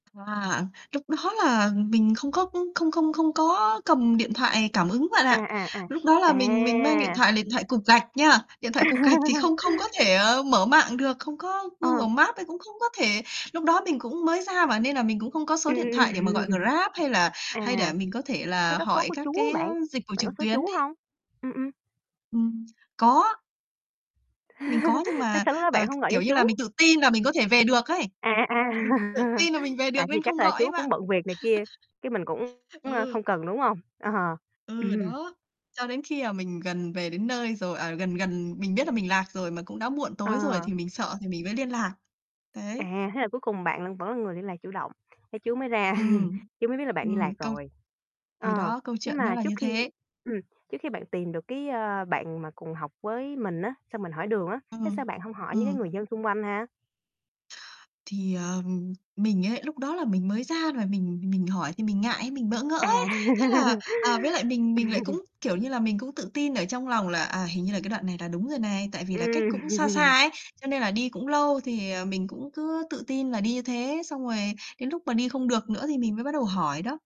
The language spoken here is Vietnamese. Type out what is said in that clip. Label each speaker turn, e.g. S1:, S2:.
S1: À, lúc đó là mình không có không không không có cầm điện thoại cảm ứng bạn ạ.
S2: À, à, à.
S1: Lúc đó là mình mình mang điện
S2: À.
S1: thoại điện thoại cục gạch nha, điện thoại cục gạch thì không không có thể mở mạng được, không có
S2: Ờ.
S1: Google Maps ấy, cũng không có thể lúc đó mình cũng mới ra mà nên là mình cũng không có số điện thoại để mà gọi Grab hay là
S2: À,
S1: hay để mình có thể
S2: thế
S1: là
S2: có số
S1: hỏi
S2: của
S1: các
S2: chú
S1: cái
S2: bạn?
S1: dịch vụ
S2: Bạn
S1: trực
S2: có số
S1: tuyến
S2: chú
S1: ấy.
S2: hông? Ừm, ừm.
S1: Ừm, có. Mình có nhưng
S2: Sao
S1: mà,
S2: sao lúc đó
S1: ờ,
S2: bạn hông
S1: k
S2: gọi cho
S1: kiểu như là,
S2: chú?
S1: mình tự tin là mình có thể về được ấy.
S2: À, à, à,
S1: Mình tự tin là mình về
S2: à,
S1: được
S2: thì
S1: nên
S2: chắc
S1: không
S2: là
S1: gọi
S2: chú
S1: ấy
S2: cũng
S1: bạn.
S2: bận việc này kia, chứ mình cũng,
S1: Ừ.
S2: không cần, đúng hông? Ờ.
S1: Ừ,
S2: Ừm.
S1: đó. Cho đến khi mà mình gần về đến nơi rồi, à, gần gần mình biết là mình lạc rồi mà cũng đã muộn tối rồi
S2: Ờ.
S1: thì mình sợ thì mình mới liên lạc. Đấy.
S2: À, thế là cuối cùng bạn vẫn là người liên lạc chủ động, thế chú mới ra
S1: Ừm,
S2: chú mới biết là bạn đi
S1: ừm,
S2: lạc
S1: câu
S2: rồi.
S1: thì
S2: Ờ,
S1: đó, câu
S2: nhưng
S1: chuyện nó
S2: mà
S1: là
S2: trước
S1: như
S2: khi
S1: thế.
S2: ừm, trước khi bạn tìm được cái, ơ, bạn mà cùng học với mình á, xong mình hỏi đường á, thế
S1: Ừm,
S2: sao bạn hông hỏi cái
S1: ừm.
S2: người dân xung quanh ha?
S1: Thì, ờ, mình ấy lúc đó là mình mới ra và mình mình hỏi thì mình ngại, mình bỡ ngỡ ấy.
S2: À.
S1: Thế là, ờ, với lại mình mình lại
S2: Ừm.
S1: cũng, kiểu như là, mình cũng tự tin ở trong lòng là, à, hình như là cái đoạn này là đúng rồi này, tại vì là cách
S2: Ừm.
S1: cũng xa xa ấy, cho nên là đi cũng lâu thì, ờ, mình cũng cứ tự tin là đi như thế, xong rồi đến lúc mà đi không được nữa thì mình mới bắt đầu hỏi đó.